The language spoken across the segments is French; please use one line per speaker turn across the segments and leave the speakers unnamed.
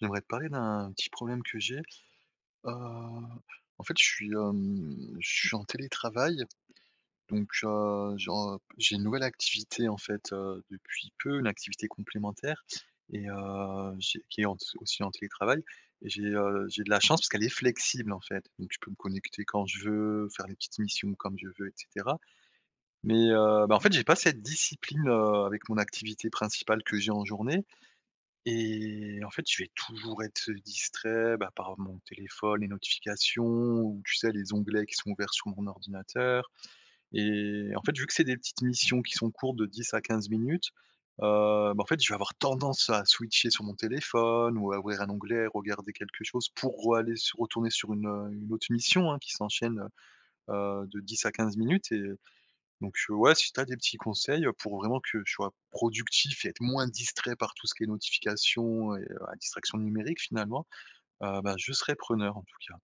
J'aimerais te parler d'un petit problème que j'ai. Heu, en fait, je suis, hem, je suis en télétravail, donc heu, je en j'ai une nouvelle activité, en fait, heu, depuis peu, une activité complémentaire et heu, j'ai qui est en si aussi en télétravail et j'ai, heu, j'ai de la chance parce qu'elle est flexible, en fait donc je peux me connecter quand je veux, faire les petites missions comme je veux et cetera mais, heu, bah, en fait, j'ai pas cette discipline, heu, avec mon activité principale que j'ai en journée et en fait, je vais toujours être distrait, bah, par mon téléphone, les notifications ou, tu sais, les onglets qui sont ouverts sur mon ordinateur et en fait, vu que c'est des petites missions qui sont courtes de 10 à 15 minutes, heu, ben, en fait, je vais avoir tendance à switcher sur mon téléphone ou à ouvrir un onglet et regarder quelque chose pour re-aller sur retourner sur une, heu, une autre mission, hein, qui s'enchaîne, heu heu, de 10 à 15 minutes et donc heu, ouais, si tu as des petits conseils pour vraiment que je sois productif et être moins distrait par tout ce qui est notifications et heu, la distraction numérique, finalement, heu, ben, je serai preneur, en tout cas.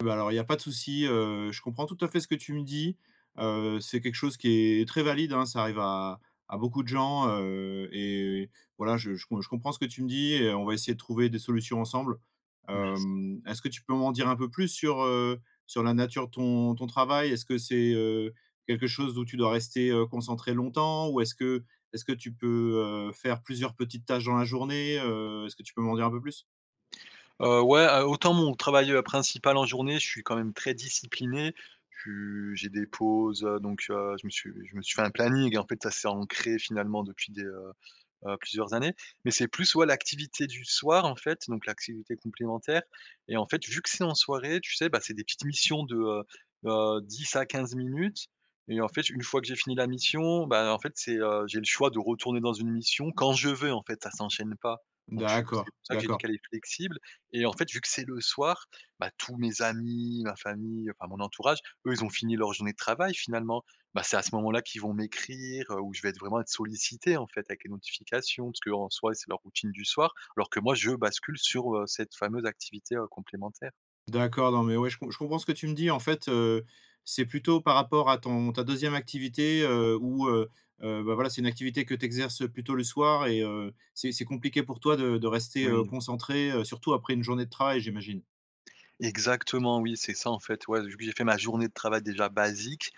Ben, alors, il y a pas de souci, heu, je comprends tout à fait ce que tu me dis, heu, c'est quelque chose qui est très valide, hein. Ça arrive à à beaucoup de gens, heu et voilà, je je com je comprends ce que tu me dis et on va essayer de trouver des solutions ensemble.
Merci.
Hem, est-ce que tu peux m'en dire un peu plus sur, heu, sur la nature de ton ton travail? Est-ce que c'est, heu, quelque chose où tu dois rester, heu, concentré longtemps ou est-ce que est-ce que tu peux, heu, faire plusieurs petites tâches dans la journée? Heu, est-ce que tu peux m'en dire un peu plus?
Heu, ouais, heu, autant mon travail, heu, principal en journée, je suis quand même très discipliné, tu j'ai des pauses, heu, donc heu, je me suis je me suis fait un planning, en fait, ça c'est ancré, finalement, depuis des, heu heu, plusieurs années mais c'est plus ouais, l'activité du soir, en fait, donc l'activité complémentaire et en fait, vu que c'est en soirée, tu sais, bah, c'est des petites missions de, heu heu, 10 à 15 minutes et en fait, une fois que j'ai fini la mission, ben, en fait, c'est, heu, j'ai le choix de retourner dans une mission quand je veux, en fait. Ça s'enchaîne pas, donc je suis c'est
D'accord,
pour ça que j'ai dit
d'accord.
qu'elle est flexible et en fait, vu que c'est le soir, bah, tous mes amis, ma famille, enfin, mon entourage, eux, ils ont fini leur journée de travail, finalement. Bah, c'est à ce moment-là qu'ils vont m'écrire, heu, où je vais être vraiment être sollicité, en fait, avec les notifications parce qu'en soi, c'est leur routine du soir alors que, moi, je bascule sur, heu, cette fameuse activité, heu, complémentaire.
D'accord, non, mais ouais, je com je comprends ce que tu me dis. En fait, heu, c'est plutôt par rapport à ton ta 2e activité, heu, où, heu heu, bah, voilà, c'est une activité que tu exerces plutôt le soir et heu, c'est c'est compliqué pour toi de de rester, heu,
Oui.
concentré, heu, surtout après une journée de travail, j'imagine?
Exactement, oui, c'est ça, en fait, ouais, vu que j'ai fait ma journée de travail, déjà, basique,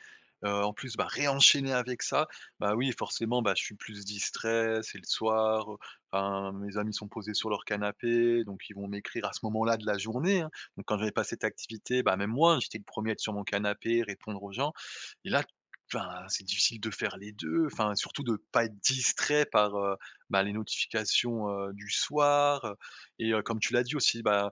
heu, en plus, bah, ré-enchaîner avec ça, bah, oui, forcément, bah, je suis plus distrait, c'est le soir, heu, enfin, mes amis sont posés sur leur canapé, donc ils vont m'écrire à ce moment-là de la journée, hein. Donc quand j'avais pas cette activité, bah, même moi, j'étais le 1er à être sur mon canapé, répondre aux gens et là, enfin, c'est difficile de faire les 2, enfin, surtout de pas être distrait par, heu, bah, les notifications, heu, du soir, heu et heu, comme tu l'as dit aussi, ben,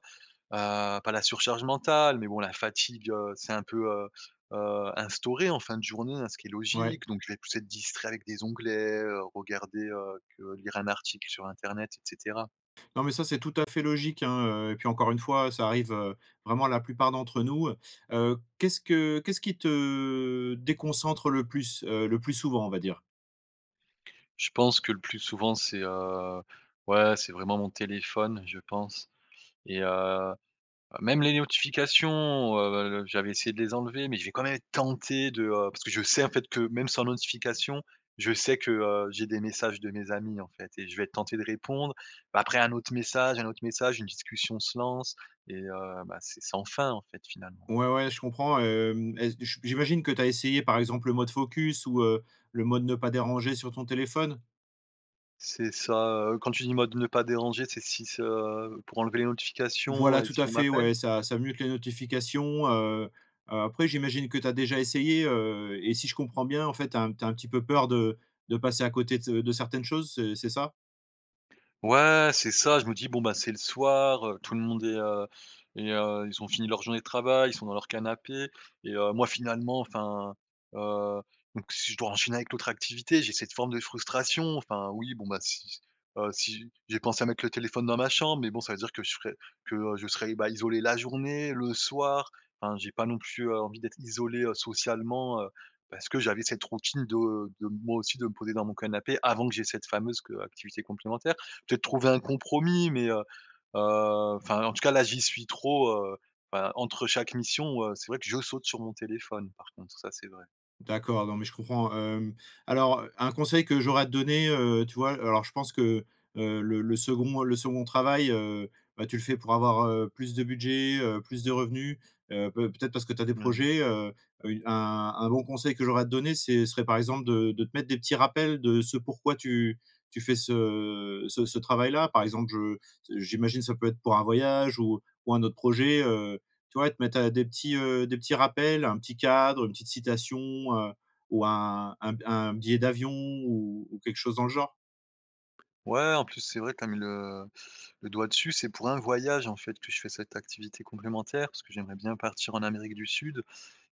heu, pas la surcharge mentale mais bon la fatigue, heu, s'est un peu, heu heu, instaurée en fin de journée, hein, ce qui est
Ouais.
logique, donc je vais plus être distrait avec des onglets, heu, regarder, heu, que lire un article sur internet et cetera.
Non, mais ça, c'est tout à fait logique, hein, heu et puis encore une fois, ça arrive, heu, vraiment, à la plupart d'entre nous, heu heu qu'est-ce que qu'est-ce qui te déconcentre le plus, heu, le plus souvent, on va dire?
Je pense que, le plus souvent, c'est, heu, ouais, c'est vraiment mon téléphone, je pense et heu, même les notifications, heu, j'avais essayé de les enlever mais je vais quand même être tenté de, heu, parce que je sais, en fait, que même sans notifications, je sais que, heu, j'ai des messages de mes amis, en fait et je vais être tenté de répondre, bah, après un autre message, un autre message, une discussion se lance et heu, bah, c'est sans fin, en fait, finalement.
Ouais, ouais, je comprends, hem, est-ce j j j'imagine que tu as essayé, par exemple, le mode: «Focus», ou heu, le mode: «Ne pas déranger», sur ton téléphone?
C'est ça, heu, quand tu dis mode «Ne pas déranger», c'est si ce heu, pour enlever les notifications
Voilà,
et
tout
si
à
on
fait,
m'appelle?
ouais, ça ça mute que les notifications, heu heu, après j'imagine que tu as déjà essayé, heu et si je comprends bien, en fait, tu as tu as un petit peu peur de de passer à côté de s heu, de certaines choses, c'est c'est ça?
Ouais, c'est ça, je me dis: «Bon, bah, c'est le soir, heu, tout le monde est, heu, est heu, ils ont fini leur journée de travail, ils sont dans leur canapé» et heu, moi, finalement, enfin, heu, donc si je dois enchaîner avec l'autre activité, j'ai cette forme de frustration, enfin, oui, bon, bah, si si heu, si j'ai pensé à mettre le téléphone dans ma chambre mais bon, ça veut dire que je serais que je serais, heu, bah, isolé la journée, le soir. Enfin, j'ai pas non plus, heu, envie d'être isolé, heu, socialement, heu, parce que j'avais cette routine de de moi aussi, de me poser dans mon canapé avant que j'ai cette fameuse q heu, activité complémentaire, peut-être trouver un compromis, mais heu heu, enfin, en tout cas, là, j'y suis trop, heu, bah, entre chaque mission, heu, c'est vrai que je saute sur mon téléphone, par contre, ça, c'est vrai.
D'accord, non, mais je comprends. Hem, alors un conseil que j'aurais à te donner, heu, tu vois? Alors, je pense que, heu, le le 2d le 2d travail, heu, bah, tu le fais pour avoir, heu, plus de budget, heu, plus de revenu, heu, peut peut-être parce que tu as des
N oui.
projets, heu, un un bon conseil que j'aurais te donner, c'est serait, par exemple, de de te mettre des petits rappels de ce pourquoi tu tu fais ce, heu, ce ce travail-là. Par exemple, je j'imagine, ça peut être pour un voyage ou ou un autre projet, heu, tu vois, te mettre des petits, heu, des petits rappels, un petit cadre, une petite citation, heu, ou un un b un billet d'avion ou ou quelque chose dans le genre.
Ouais, en plus, c'est vrai, tu as mis le le doigt dessus. C'est pour un voyage, en fait, que je fais cette activité complémentaire, parce que j'aimerais bien partir en Amérique du Sud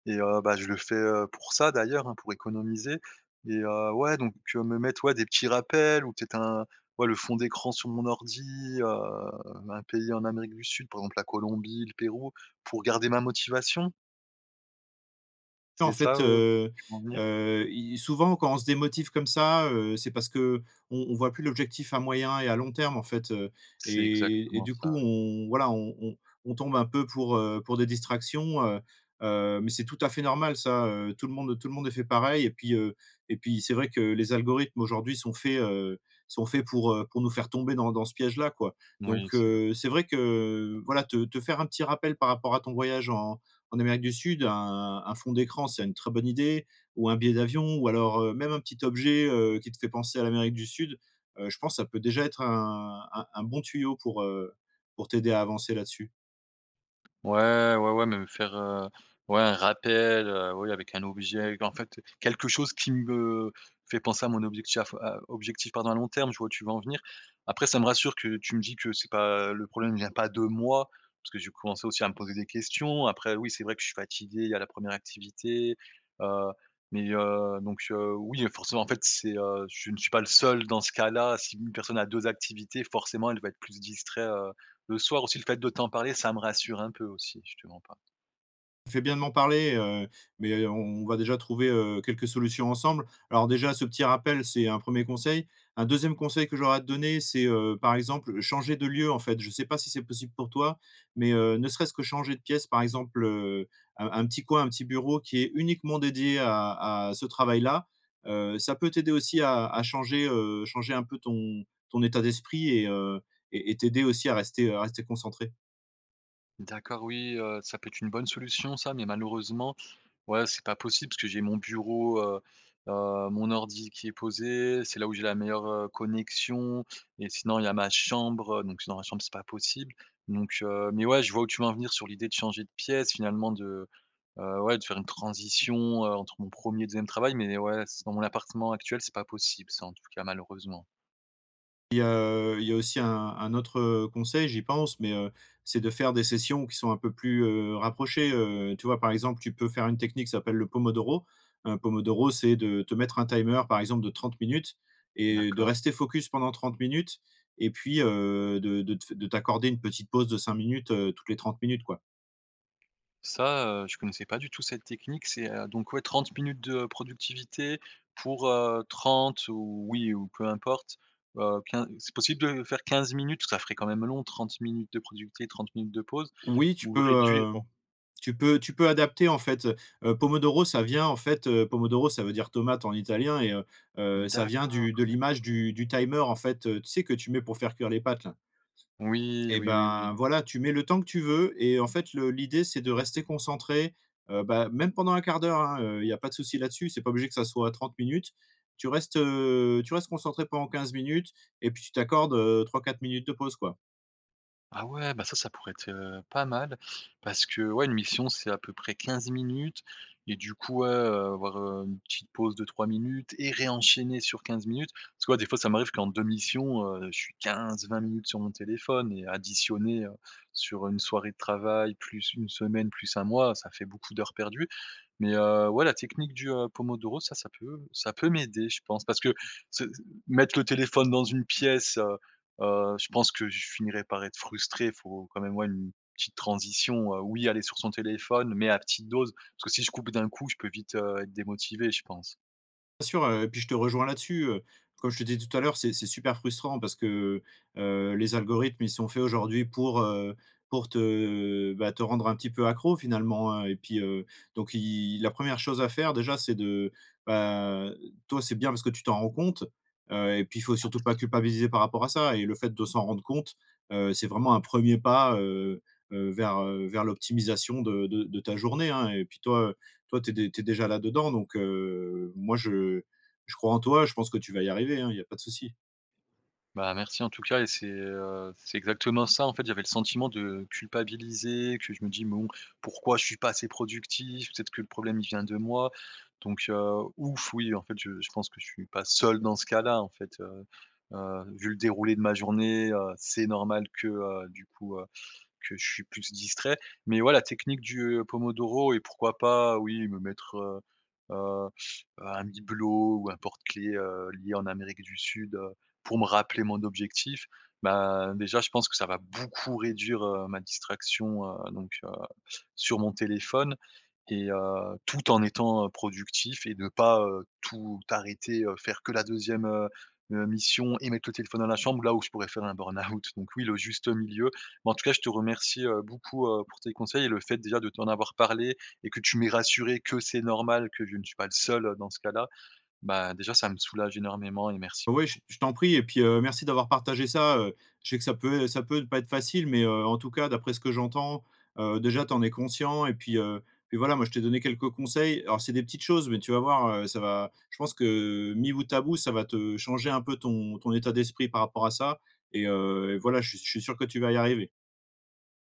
et heu, bah, je le fais, heu, pour ça d'ailleurs, hein, pour économiser et heu, ouais, donc me mettre, ouais, des petits rappels ou peut-être un ouais, le fond d'écran sur mon ordi, heu, un pays en Amérique du Sud, par exemple, la Colombie, le Pérou pour garder ma motivation?
Et en
C'est ça,
fait,
heu, où
heu
tu veux en venir?
heu et souvent, quand on se démotive comme ça, heu, c'est parce qu'on on voit plus l'objectif à moyen et à long terme, en fait, heu
C'est
et et
exactement
du
ça,
coup,
ouais.
on voilà, on on on tombe un peu pour, heu, pour des distractions, heu heu, mais c'est tout à fait normal, ça. Heu, tout le monde tout le monde est fait pareil et puis, heu et puis c'est vrai que les algorithmes aujourd'hui sont faits, heu, sont faits pour, heu, pour nous faire tomber dans dans ce piège-là, quoi.
Oui,
Donc
c'est vrai.
heu, c'est vrai que, heu, voilà, te te faire un petit rappel par rapport à ton voyage en en Amérique du Sud, un un fond d'écran, c'est une très bonne idée ou un billet d'avion ou alors, heu, même un petit objet, heu, qui te fait penser à l'Amérique du Sud, heu, je pense que ça peut déjà être un un un bon tuyau pour, heu, pour t'aider à avancer là-dessus.
Ouais, ouais, ouais, même faire, heu, ouais un rappel, heu, oui avec un objet qu'en fait, quelque chose qui me fait penser à mon objecti à f à objectif, pardon, à long terme, tu vois où tu veux en venir. Après ça me rassure que tu me dis que c'est pas heu, le problème vient pas de moi, parce que j'ai commencé aussi à me poser des questions. Après, oui, c'est vrai que je suis fatigué. Il y a la 1re activité, heu, mais, heu, donc, heu, oui et forcément en fait c'est, heu, je ne suis pas le seul dans ce cas-là. Si une personne a 2 activités forcément elle va être plus distrait, heu, le soir. Aussi le fait de t'en parler ça me rassure un peu aussi je te mens pas.
Tu fais bien de m'en parler, heu, mais, heu, on on va déjà trouver, heu, quelques solutions ensemble. Alors déjà, ce petit rappel c'est un 1er conseil. Un 2e conseil que j'aurais à te donner c'est, heu, par exemple, changer de lieu en fait. Je sais pas si c'est possible pour toi, mais, heu, ne serait-ce que changer de pièce par exemple, heu, un un petit coin, un petit bureau qui est uniquement dédié à à ce travail-là, heu, ça peut t'aider aussi à à changer, heu, changer un peu ton ton état d'esprit et heu, et et t'aider aussi à rester, heu, à rester concentré.
D'accord. Oui, heu, ça peut être une bonne solution ça mais malheureusement, ouais c'est pas possible parce que j'ai mon bureau, heu heu, mon ordi qui est posé. C'est là où j'ai la meilleure, heu, connexion et sinon il y a ma chambre. Heu, donc et dans ma chambre c'est pas possible, donc, heu mais ouais je vois où tu veux en venir sur l'idée de changer de pièce finalement de, heu, ouais de faire une transition, heu, entre mon 1er et 2e travail, mais ouais, c dans mon appartement actuel c'est pas possible ça en tout cas, malheureusement.
Et heu, il y a aussi un un autre, heu, conseil, j'y pense mais, heu, c'est de faire des sessions qui sont un peu plus, heu, rapprochées, heu, tu vois par exemple, tu peux faire une technique qui s'appelle le pomodoro. Heu, pomodoro, c'est de te mettre un timer, par exemple de 30 minutes et de
D'accord.
rester focus pendant 30 minutes et puis, heu, de de te f de t'accorder une petite pause de 5 minutes, heu, toutes les 30 minutes, quoi.
Ça, heu, je connaissais pas du tout cette technique, c'est heu, donc ouais 30 minutes de productivité pour, heu, 30 ou oui ou peu importe. Heu, 15 c'est possible de faire 15 minutes? Ça ferait quand même long 30 minutes de productivité, 30 minutes de pause,
Oui tu
ou le réduire
peux,
bon
hem, tu peux tu peux adapter en fait, heu. Heu, pomodoro ça vient en fait heu, pomodoro ça veut dire tomate en italien et heu heu, ça
D'accord,
vient du de
d'accord.
l'image du du timer en fait, heu, tu sais que tu mets pour faire cuire les pâtes là?
Oui.
Et
Oui, oui, oui.
ben voilà, tu mets le temps que tu veux, et en fait le l'idée c'est de rester concentré, heu, bah, même pendant 1/4 d'heure, hein, heu, il y a pas de souci là-dessus. C'est pas obligé que ça soit 30 minutes. Tu restes, heu, tu restes concentré pendant 15 minutes et puis tu t'accordes, heu, 3-4 minutes de pause, quoi.
Ah ouais, bah, ça, ça pourrait être, heu, pas mal parce que, ouais, une mission c'est à peu près 15 minutes et du coup, ouais, heu, avoir, heu, une petite pause de 3 minutes et ré-enchaîner sur 15 minutes. Parce que, ouais, des fois ça m'arrive qu'en 2 missions, heu, je suis 15-20 minutes sur mon téléphone et additionné, heu, sur 1 soirée de travail, plus 1 semaine, plus 1 mois, ça fait beaucoup d'heures perdues. Mais, heu, ouais, la technique du, heu, pomodoro ça, ça peut ça peut m'aider je pense, parce que se s mettre le téléphone dans une pièce, heu heu, je pense que je finirai par être frustré. Il faut quand même, ouais, une petite transition, heu, oui aller sur son téléphone mais à petite dose, parce que si je coupe d'un coup, je peux vite, heu, être démotivé je pense.
Bien sûr, heu, puis je te rejoins là-dessus, heu, comme je te disais tout à l'heure, c'est c'est super frustrant parce que, heu heu, les algorithmes, ils sont faits aujourd'hui pour, heu, pour te, heu bah, te rendre un petit peu accro finalement hein et puis, heu, donc il la 1re chose à faire déjà, c'est de, bah, heu, toi c'est bien parce que tu t'en rends compte. Heu et puis il faut surtout pas
Ah.
culpabiliser par rapport à ça et le fait de s'en rendre compte, heu, c'est vraiment un 1er pas, heu heu, vers, heu, vers l'optimisation de de de ta journée hein et puis toi, heu, toi tu es dé tu es déjà là-dedans, donc, heu, moi je je crois en toi. Je pense que tu vas y arriver hein, il y a pas de souci.
Bah, merci, en tout cas et c'est, heu, c'est exactement ça. En fait, j'avais le sentiment de culpabiliser, que je me dis: «Bon, pourquoi je suis pas assez productif, peut-être que le problème, il vient de moi?», donc heu, ouf, oui, en fait, je je pense que je suis pas seul dans ce cas-là, en fait, heu heu, vu le déroulé de ma journée, heu, c'est normal que, heu, du coup, heu, que je suis plus distrait mais ouais, la technique du pomodoro et pourquoi pas, oui, me mettre, heu heu, un bibelot ou un porte-clé, heu, lié en Amérique du Sud, heu, pour me rappeler mon objectif, ben, déjà, je pense que ça va beaucoup réduire, heu, ma distraction, heu donc heu, sur mon téléphone et heu, tout en étant productif et de pas, heu, tout arrêter, heu, faire que la 2e, heu heu, mission et mettre le téléphone dans la chambre, là, où je pourrais faire un burn-out, donc oui, le juste milieu. Bah en tout cas, je te remercie, heu, beaucoup, heu, pour tes conseils et le fait déjà de t'en avoir parlé et que tu m'es rassuré que c'est normal que je ne suis pas le seul, heu, dans ce cas-là, bah, déjà, ça me soulage énormément et merci
Ouais, j
beaucoup.
je t'en prie et puis, heu, merci d'avoir partagé ça, heu, je sais que ça peut ça peut ne pas être facile, mais heu, en tout cas, d'après ce que j'entends, heu, déjà, tu en es conscient et puis, heu puis voilà. Moi, je t'ai donné quelques conseils. Alors c'est des petites choses mais tu vas voir, heu, ça va je pense que mis bout à bout, ça va te changer un peu ton ton état d'esprit par rapport à ça et heu et voilà. Je suis je suis sûr que tu vas y arriver.